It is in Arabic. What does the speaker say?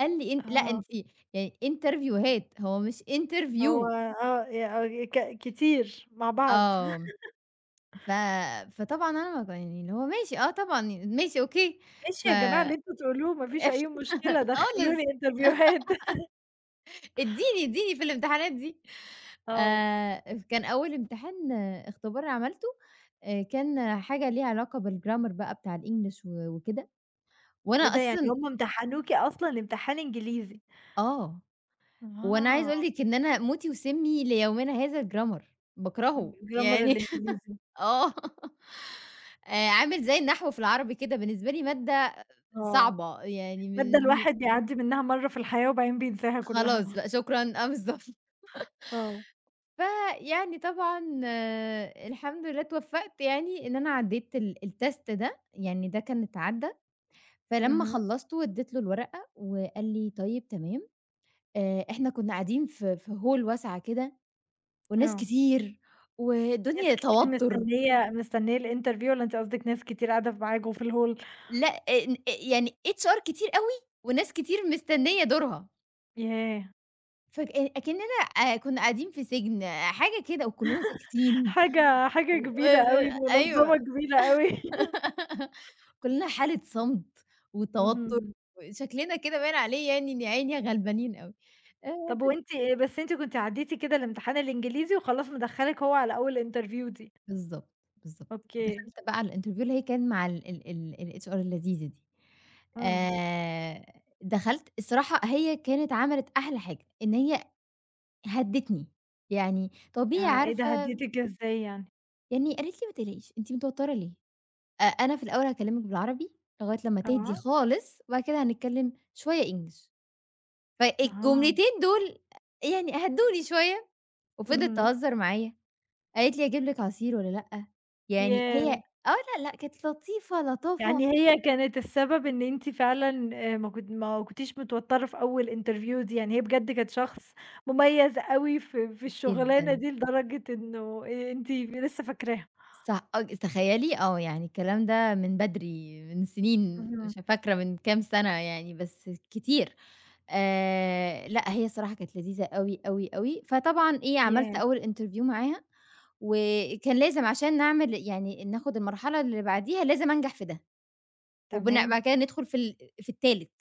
قال لي إن لأ، آه. أنتِ يعني انترڤيوهات هو مش هو interview. آه، ي ك كتير مع بعض. آه، ف فطبعًا أنا مب يعني اللي هو ماشي آه، طبعًا، ماشي أوكي. ف ماشي يا جماعة اللي أنتم تقولوه ما فيش أي قشطة مشكلة دخلوني خالص انترڤيوهات. إديني إديني في الامتحانات دي آه. آآ، كان أول امتحان، اختبار عملته آآ، كان حاجة ليها علاقة بال Grammer بقى بتاع الEnglish و وكده وأنا إيه ده يعني أصلًا هم امتحنوكِ أصلًا أمتحان إنجليزي؟ آه، وأنا عايزة أقول أها. لِك إن أنا موتي وسّمي ليومنا هذا الGrammer، ال باكرهه الGrammer يعني الإنجليزي. آه، آآ، عامل زي النحو في العربي كده بالنسبة لي مادة آه، صعبة، يعني مادة مش م الواحد بيعدِّي منها مرة في الحياة وبعدين بينساها كلها. خلاص بقى شكرًا آه، بالضبط. آه. فيعني طبعًا، الحمد لله اتوفقت يعني إن أنا عديت ال الtest ده، يعني ده كان اتعدى، فلما أهم. خلصته واديت له الورقة وقال لي: "طيب، تمام." آآ، إحنا كُنا قاعدين ف في Hall واسعة كده والناس آه. كتير ناس والدنيا كتير توتر. مستنية مستنية ال interview والّا أنتِ قصدِك ناس كتير قاعدة معاكم في ال hall؟ لأ، آ آ يعني HR كتير أوي وناس كتير مستنية دورها. ياه! فك أكننا آآ كُنا قاعدين في سجن حاجة كده وكلنا ساكتين حاجة حاجة و كبيرة آآ أوي، منظمة أيوه كبيرة أوي. كلنا حالة صمت، وتوتر، اهم. وشكلنا كده باين عليه يعني إن يا عيني غلبانين أوي آآ، طب، بس. وأنتِ بس أنتِ كنتِ عدِّيتِ كده الأمتحان الإنجليزي وخلاص مدخَّلِك هو على أول interview دي. بالضبط، بالضبط، أوكي. دخلت بقى على ال interview اللي هي كان مع ال ال ال الHR اللذيذة دي امم. آآ، دخلت الصراحة هي كانت عملت أحلى حاجة، إن هي هدتني يعني طبيعي ياه! إيه ده عارفة هديتِك كده أزاي يعني؟ يعني قالت لي: "ما تقلقيش، أنتِ متوترة ليه؟ أ أنا في الأول هاكلمك بالعربي، لغاية لما تهدي آه. خالص وبعد كده هنتكلم شوية English." أها. فالجملتين دول يعني هدُّوني شوية، وفضلت اهم. تهزر معايا قالت لي: "أجيب لِك عصير والّا لأ؟" يعني هي ياه! آه، لا، لأ، كانت لطيفة لطافة. يعني هي كانت السبب إن أنتِ فعلًا آآ ما كن ما كُنتيش متوترة في أول interview دي يعني هي بجد كانت شخص مميز أوي ف في الشغلانة جدًا. دي لدرجة إنه أنتِ لسه فاكراها؟ صع آه ج تخيلي آه، يعني الكلام ده من بدري، من سنين، مش اهم. فاكرة من كام سنة يعني بس كتير. آآ، لأ، هي الصراحة كانت لذيذة أوي، أوي، أوي، فطبعًا إيه، عملت ياه! أول interview معاها وكان لازم عشان نعمل يعني ناخد المرحلة اللي بعديها لازم أنجح في ده. وبن تمام. بعد كده ندخل في ال في التالت.